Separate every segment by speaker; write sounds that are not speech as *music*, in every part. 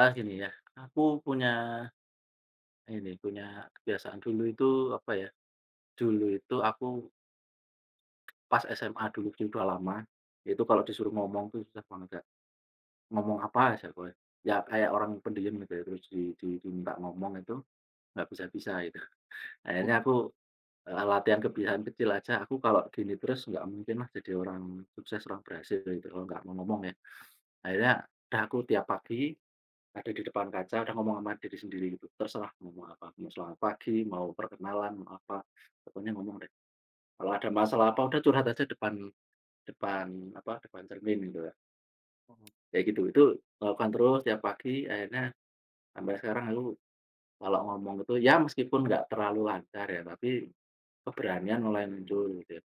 Speaker 1: Eh gini ya, aku punya ini, punya kebiasaan dulu itu apa ya, dulu itu aku pas SMA dulu tuh udah lama, itu kalau disuruh ngomong tuh susah banget Kak, ngomong apa aja pokoknya. Ya kayak orang pendiem gitu ya, terus di di diminta ngomong itu, nggak bisa-bisa gitu.
Speaker 2: M
Speaker 1: Akhirnya aku, eee, latihan kebiasaan kecil aja, aku kalau gini terus nggak mungkin lah jadi orang sukses, orang berhasil gitu, kalau nggak mau ngomong ya. Akhirnya udah aku tiap pagi ada di depan kaca, ada ngomong ama diri sendiri gitu, terserah ngomong apa, mau selamat pagi, mau perkenalan, mau apa, pokoknya ngomong deh. Kalau ada masalah apa, udah curhat aja depan depan apa, depan cermin gitu ya.
Speaker 2: Mhm.
Speaker 1: Kayak gitu, itu lakukan terus tiap pagi, akhirnya sampai sekarang aku kalau ngomong gitu, ya meskipun nggak terlalu lancar ya, tapi keberanian mulai muncul gitu ya.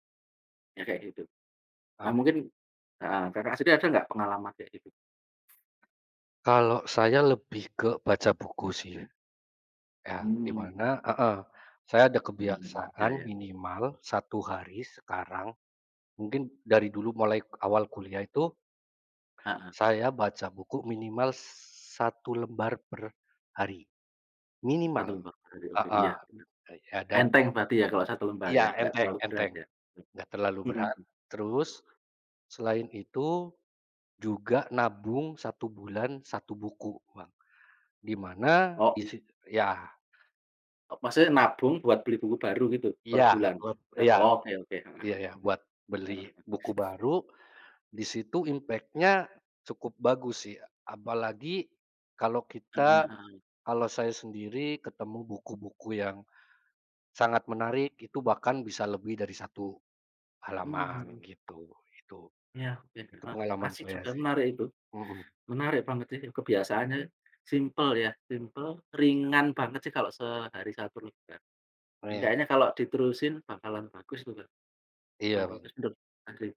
Speaker 1: Ya kayak gitu. Ah
Speaker 2: Oh.
Speaker 1: mungkin heeh, Kakak sendiri ada nggak pengalaman kayak gitu?
Speaker 2: Kalau saya lebih ke baca buku sih ya. Ya di
Speaker 1: Mmm.
Speaker 2: mana heeh, saya ada
Speaker 1: Mhm mhm, iya
Speaker 2: kebiasaan
Speaker 1: iya.
Speaker 2: minimal 1 hari sekarang, mungkin dari dulu mulai awal kuliah itu
Speaker 1: Heeh.
Speaker 2: saya baca buku minimal 1 lembar per hari.
Speaker 1: 1
Speaker 2: Minimal,
Speaker 1: lembar per hari, oke
Speaker 2: heeh,
Speaker 1: iya bener.
Speaker 2: eee, ya dan
Speaker 1: Enteng berarti ya kalo 1 lembar ya,
Speaker 2: Iya
Speaker 1: gak
Speaker 2: enteng
Speaker 1: terlalu berat
Speaker 2: enteng,
Speaker 1: ya,
Speaker 2: gak terlalu berat,
Speaker 1: mhm.
Speaker 2: terus selain itu juga nabung 1 bulan, 1 buku Bang, di mana
Speaker 1: O
Speaker 2: isi ya.
Speaker 1: O maksudnya nabung buat beli buku baru gitu per
Speaker 2: Iya,
Speaker 1: bulan?
Speaker 2: ep
Speaker 1: Dan
Speaker 2: iya,
Speaker 1: oke oke, mhm
Speaker 2: iya
Speaker 1: mhm.
Speaker 2: iya, buat beli
Speaker 1: Mhm,
Speaker 2: buku
Speaker 1: hmm.
Speaker 2: baru, di situ impact-nya cukup bagus sih, apalagi kalau
Speaker 1: Mhm
Speaker 2: kita
Speaker 1: mhm.
Speaker 2: kalau saya sendiri ketemu buku-buku yang sangat menarik, itu bahkan bisa lebih dari 1
Speaker 1: Mmm,
Speaker 2: halaman
Speaker 1: mhm.
Speaker 2: gitu itu.
Speaker 1: Ya oke,
Speaker 2: Itu
Speaker 1: heeh,
Speaker 2: pengalaman
Speaker 1: asik
Speaker 2: saya
Speaker 1: juga
Speaker 2: sih,
Speaker 1: menarik itu.
Speaker 2: mhm.
Speaker 1: Menarik banget sih, kebiasaannya simple ya, simple,
Speaker 2: Iya.
Speaker 1: ringan banget sih kalau sehari 1 juga.
Speaker 2: Oh ya.
Speaker 1: Hendaknya kalau diterusin bakalan bagus itu Kak, lumayan
Speaker 2: Iya
Speaker 1: bagus.
Speaker 2: ben
Speaker 1: *unintelligible*